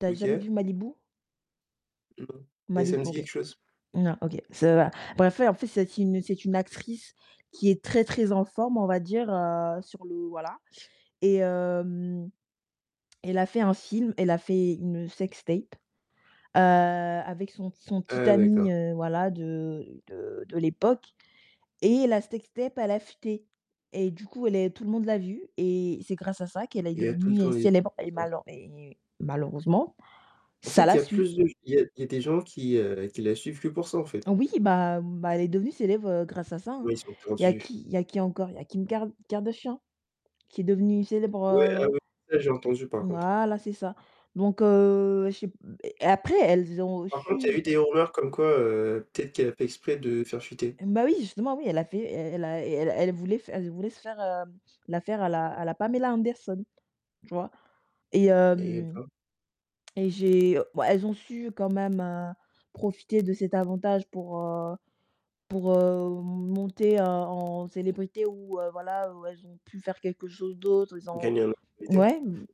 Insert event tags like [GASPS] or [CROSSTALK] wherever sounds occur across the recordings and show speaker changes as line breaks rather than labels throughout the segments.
Tu as jamais
OK.
vu Malibu?
Non, mais ça
Malib
me dit
OK.
quelque chose.
Non, OK, ça va bref, ouais, en fait, c'est aussi c'est une actrice qui est très, très en forme, on va dire, heu, sur le voilà, et hem, elle a fait un film, elle a fait une sextape, heu, avec son son petit
Ah, d'accord.
ami, heu, voilà, de de de l'époque. Et la sextape, elle a fuité. Et du coup, elle est tout le monde l'a vue et c'est grâce à ça qu'elle est
Il y a tout le
devenue
temps les
célèbre et
[UNINTELLIGIBLE]
malen et malheureusement,
En
ça
fait, il
la
y a
suit.
plus de g il y a il y a des gens qui, heu, qui la suivent que pour ça, en fait.
Oui, bah, hem, bah, elle est devenue célèbre, heu, grâce à ça, hein.
Ouais, ils sont
Il y a
tordus.
qui il y a qui encore? Il y a Kim Kar Kardashian qui est devenue célèbre,
Ouais, ah
heu
oui, ça j'ai entendu par contre.
Voilà, c'est ça. Donc heu, je sais p et après, elles ont
Par contre, il y a eu
su
des rumeurs comme quoi, heu, peut-être qu'elle a fait exprès de faire fuiter.
Bah oui, justement oui, elle a fait e elle a et elle elle voulait f elle voulait se faire, heu, la faire à la à la Pamela Anderson, tu vois? Et
Eh
hem,
ben.
et j'ai, bah, elles ont su quand même, heu, profiter de cet avantage pour, heu, pour, heu, monter, heu, en célébrité ou heu, voilà, ou elles ont pu faire quelque chose d'autre, elles ont
Gagner en notoriété.
mouais, mmh,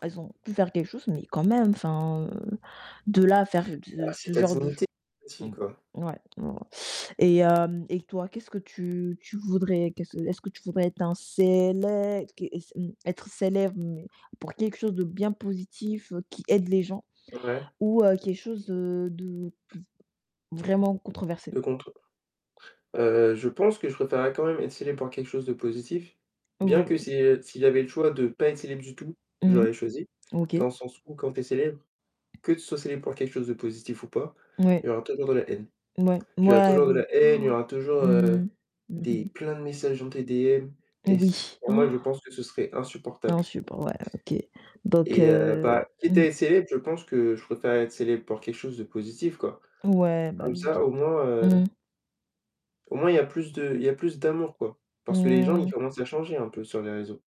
elles ont pu faire quelque chose, mais quand même, enfin, heu, de là à faire ce
Ah c'est
ce
ta
genre de ch
dignité aussi, quoi.
mmh, ouais. Mmh mh et hem, et toi, qu'est-ce que tu tu voudrais qu'est-ce est-ce que tu voudrais être un célè [UNINTELLIGIBLE] être célèbre mais pour quelque chose de bien positif, heu, qui aide les gens
Ouais.
ou heu, quelque chose, heu, de de vraiment controversé?
Le contre heu, je pense que je préférerais quand même être célèbre pour quelque chose de positif. Bien
Ou
que si, heu, s'il y avait le choix de pas être célèbre du tout, je
Mmh
l'aurais choisi
OK.
dans le sens où quand tu es célèbre, que tu sois célèbre pour quelque chose de positif ou pas, il y
Ouais.
aura toujours de la haine.
Mouais,
Il y aura
mouais
toujours de
oui.
la haine, il y
[GASPS]
aura toujours, heu,
Mmh, mmh
des
mh.
plein de messages dans tes DM et c
Oui.
pour moi, je pense
[GASPS]
que ce serait
Non
insupportable.
je suis pas ouais, OK. Donc
Et heu, bah,
heu,
quitte à
mmh.
être célèbre, je pense que je préfère être célèbre pour quelque chose de positif, quoi.
Ouais, bah
Comme
oui,
ça
bien
au moins, heu
mmh.
au moins, il y a plus de il y a plus d'amour, quoi. Parce que les gens, ils
Mmh.
commencent à changer un peu sur les réseaux.